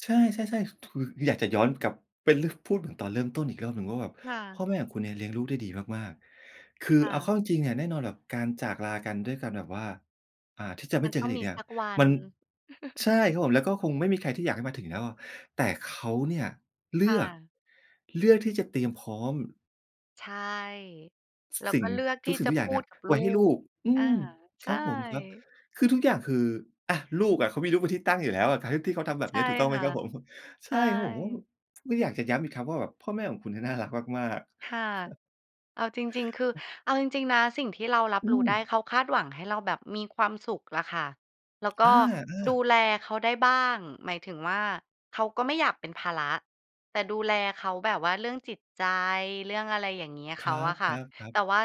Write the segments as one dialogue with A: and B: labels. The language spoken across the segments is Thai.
A: ใช่ ๆ ๆ ถืก คืออยากจะย้อนกลับไปเรื่อง พูดถึงตอนเริ่มต้นอีกรอบหนึ่งว่าแบบ
B: ค่
A: พ่
B: ะ
A: อแม่ของคุณเนี่ยเลี้ยงลูกได้ดีมาก ๆ คื
B: ค
A: อ
B: ่
A: เอาเข้
B: ะ
A: าจริง ๆ เนี่ยแน่นอนล่ะแบบการจากลากันด้วยการแบบว่า อ่า ที่จะไ
B: ม
A: ม
B: ั
A: ่
B: น
A: เจอ
B: ต้อ
A: กั
B: ง
A: นอ
B: ม
A: ีก
B: ี
A: เนี่
B: ส
A: ย
B: ักวัน
A: มัน ใช่ครับผม แล้วก็คงไม่มีใครที่อยากให้มาถึงแล้วอะ แต่เขาเนี่ยเล
B: ค
A: ื
B: ่
A: อก
B: ะ
A: เลือกที่จะเตรียมพร้อม
B: ใช่
A: ซ
B: แล้ว
A: สิ
B: ก
A: ่
B: ็
A: ง
B: เลือกท
A: ทุ
B: ี่
A: กสิ่
B: จ
A: ง
B: ะ
A: ทุกอ
B: พ
A: ย่าง
B: ู
A: เนี่
B: ด
A: ย
B: กับ
A: ไ
B: ล
A: ว
B: ู
A: ้ให้ลู
B: ก
A: ก อื
B: อา
A: ม
B: ใช
A: ค
B: ่
A: รับผมครับ คือทุกอย่างคือ อะ ลูกอะ เขามีลูกเป็นที่ตั้งอยู่แล้ว การที่เขาทำแบ
B: ใช
A: บนี
B: ่
A: ้ถูกต้องไห
B: ค
A: ม
B: ่ะ
A: ครับผม?
B: ใช
A: ใช่ครับผม
B: ่
A: ไม่อยากจะย้ำอีกครั้งว่า พ่อแม่ของคุณเนี่ยน่ารักมาก
B: ค่ะ
A: ๆ
B: เอาจริง ๆ คือ
A: อือ
B: เอาจริง ๆ นะสิ่งที่เรารั
A: อ
B: บ
A: ื
B: รู้ได้เ
A: ม
B: ขาคาดหวังให้เราแบบมีความสุขล่ะค่ะ แล้วก
A: อ
B: ็
A: า
B: ดู
A: ๆ
B: แลเขาได้บ้าง หมายถึงว่า เขาก็ไม่อยากเป็นภาระ แต่ดูแลเขาแบบว่าเรื่องจิตใจ เรื่องอะไรอย่างเงี้ย
A: ค
B: เข
A: รั
B: าอะค่ะ
A: บ ๆ ๆ
B: แต่ว่า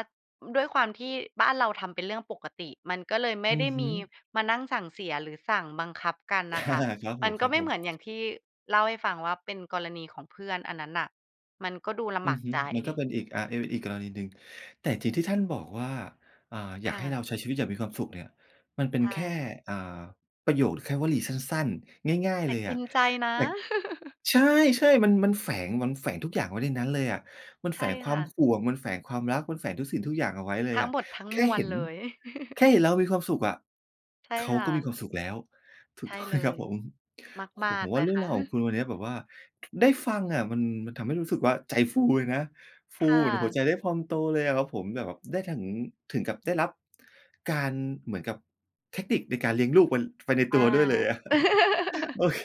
B: ด้วยความที่บ้านเราทำเป็นเรื่องปกติ มันก็เลยไม
A: อ
B: ่
A: ื
B: ไ
A: อ
B: ด้
A: ฮ
B: ม
A: ึ
B: ีมานั่งสั่งเสียหรือสั่งบังคับกัน
A: อ
B: น่ะค
A: า
B: ่ะ
A: ครับ
B: ม
A: ผ
B: ันก็ไม่เห
A: ม
B: มือนอย่า
A: ๆ
B: งที่เล่าให้ฟังว่า เป็นกรณีของเพื่อนอันนั้นน่ะ มันก็ดูล
A: อื
B: ำบา
A: อ
B: ก
A: ฮึ
B: ใจ
A: มันก็เป็นอีก อ่า อีกกรณีหนึ่ง แต่สิ่งที่ท่านบอกว่า อ่า "อ
B: ค
A: ยาก
B: ่
A: ให้
B: ะ
A: เราใช้ชีวิตอย่างมีความสุข" เนี่ย มันเป็
B: ใช
A: นแค่
B: ่
A: อ่า ประโยค แค่วลีสั้น ๆ ง่าย
B: แ
A: ๆ
B: ต
A: เล
B: ่
A: ย
B: ก
A: อ
B: ิ
A: ะ
B: นใจนะ
A: แต่ ใช่ ๆ มัน มันแฝง มันแฝงทุกอย่างไว้ในนั้นเลยอะ มัน
B: ใช
A: แฝ
B: ่
A: งคว
B: ค
A: า
B: ่
A: ม
B: ะ
A: ห่วง มันแฝงความรัก มันแฝงทุกสิ่งทุกอย่างเอาไว้เลย
B: ทั
A: อ
B: ้ง
A: ะ
B: หมดทั้ง
A: แค
B: ม
A: ่
B: ว
A: เห
B: ล
A: ็น
B: เลย
A: แค่เห็นเรามีความสุขอะ
B: ใช่
A: เขา
B: ค่
A: ก็มี
B: ะ
A: ความสุขแล้ว ถู
B: ใช
A: ก
B: ่
A: ต้อง
B: เ
A: ไห
B: ล
A: มครั
B: ย
A: บผม? โอ้
B: ม
A: โ
B: า
A: ฮ ผ
B: ก
A: ม
B: ๆ เ
A: ว่
B: ล
A: า
B: ย
A: เรื่
B: ค
A: อง
B: ่
A: ราวของค
B: ะ
A: ุณวันเนี้ยแบบว่า ได้ฟังอะมัน มันทำให้รู้สึกว่า ใจฟูเลยนะ ฟ
B: ค
A: ู
B: ่
A: เหมือนหัว
B: ะ
A: ใจได้พองโตเลยอะครับผม แบบว่าได้ถึง ถึงกับได้รับการ เหมือนกับเทคนิคในการเลี้ยงลูก มัน ไปในต
B: อ
A: ัว
B: า
A: ด้วยเลยอะ โอเค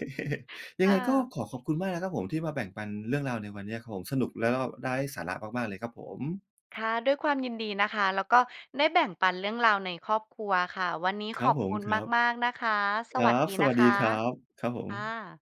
A: ย
B: ค
A: ังไ
B: ่
A: งก็
B: ะ
A: ขอขอบคุณมากนะครับผมที่มาแบ่งปันเรื่องราวในวันเนี้ยครับผม สนุกแล้วก็ได้สาระมาก ๆ เลยครับผม
B: ค่ะ ด้วยความยินดีนะคะ แล้วก็ได้แบ่งปันเรื่องราวในครอบครัวค่ะ วันนี้
A: ค
B: ข
A: รั
B: อ
A: บ
B: บ
A: ผ
B: ค
A: ม
B: ุณ
A: ครับ
B: มาก ๆ นะคะ
A: ค
B: ส
A: รั
B: วัสด
A: บ
B: ี
A: ส
B: น
A: ว
B: ะ
A: ัส
B: ค
A: ดี
B: ะ
A: ครับ ครับผ
B: ค่
A: ม
B: ะ